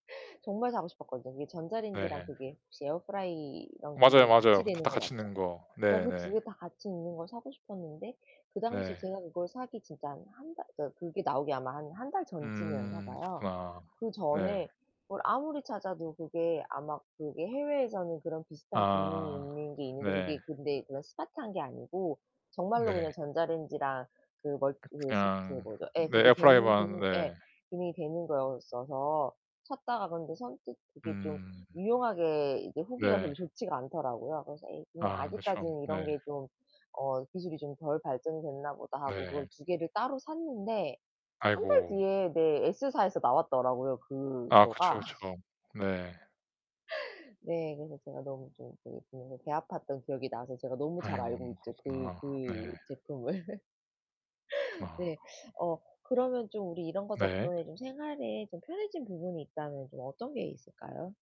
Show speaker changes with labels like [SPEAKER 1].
[SPEAKER 1] 정말 사고 싶었거든요. 그게 전기 전자레인지랑
[SPEAKER 2] 네.
[SPEAKER 1] 그게 혹시 에어프라이어
[SPEAKER 2] 맞아요,
[SPEAKER 1] 기능이
[SPEAKER 2] 맞아요.
[SPEAKER 1] 같이
[SPEAKER 2] 다
[SPEAKER 1] 되는
[SPEAKER 2] 다
[SPEAKER 1] 거
[SPEAKER 2] 같이
[SPEAKER 1] 맞죠?
[SPEAKER 2] 있는 거.
[SPEAKER 1] 나 그 2
[SPEAKER 2] 네네.
[SPEAKER 1] 개 다 같이 있는 걸 사고 싶었는데 그 당시
[SPEAKER 2] 네.
[SPEAKER 1] 제가 그걸 사기 진짜 한 1 달 저 그게 나오기 아마 한 1 달 전쯤이었나
[SPEAKER 2] 음
[SPEAKER 1] 봐요.
[SPEAKER 2] 그렇구나.
[SPEAKER 1] 그
[SPEAKER 2] 네.
[SPEAKER 1] 전에 뭘 아무리 찾아도 그게 아마 그게 해외에서는 그런 비슷한 기능이
[SPEAKER 2] 아
[SPEAKER 1] 있는 게 있는데
[SPEAKER 2] 네.
[SPEAKER 1] 그게 근데 그런 스마트한 게 아니고 정말로
[SPEAKER 2] 네.
[SPEAKER 1] 그냥 전자레인지랑 그 멀
[SPEAKER 2] 그
[SPEAKER 1] 그 스 그거
[SPEAKER 2] 그냥
[SPEAKER 1] 뭐죠? 예.
[SPEAKER 2] 네
[SPEAKER 1] 그게 되는
[SPEAKER 2] 에어프라이어만.
[SPEAKER 1] 기능 예
[SPEAKER 2] 네.
[SPEAKER 1] 기능이 되는 거였어서 샀다가 그런데 선뜻 그게 좀
[SPEAKER 2] 음.
[SPEAKER 1] 유용하게 이제 후기가 별로
[SPEAKER 2] 네.
[SPEAKER 1] 좋지가 않더라고요. 그래서 '에이 그냥
[SPEAKER 2] 아 그쵸.
[SPEAKER 1] 아직까지는 이런
[SPEAKER 2] 네.
[SPEAKER 1] 게 좀 어 기술이 좀 덜 발전이 됐나 보다.' 하고 그걸
[SPEAKER 2] 네.
[SPEAKER 1] 2 개를 따로 샀는데 1 달
[SPEAKER 2] 아이고.
[SPEAKER 1] 뒤에 네. 에스사에서 나왔더라고요
[SPEAKER 2] 아 그쵸,
[SPEAKER 1] 그거가.
[SPEAKER 2] 그쵸. 네.
[SPEAKER 1] 네. 그래서 제가 너무 좀 그 그래서 배 아팠던 기억이 나서 제가 너무 잘
[SPEAKER 2] 아이고.
[SPEAKER 1] 알고 있죠, 그
[SPEAKER 2] 그렇구나.
[SPEAKER 1] 그
[SPEAKER 2] 네.
[SPEAKER 1] 제품을.
[SPEAKER 2] 그렇구나.
[SPEAKER 1] 네. 어 그러면 좀 우리 이런 거
[SPEAKER 2] 네.
[SPEAKER 1] 덕분에 생활에 좀 편해진 부분이 있다면 좀 어떤 게 있을까요?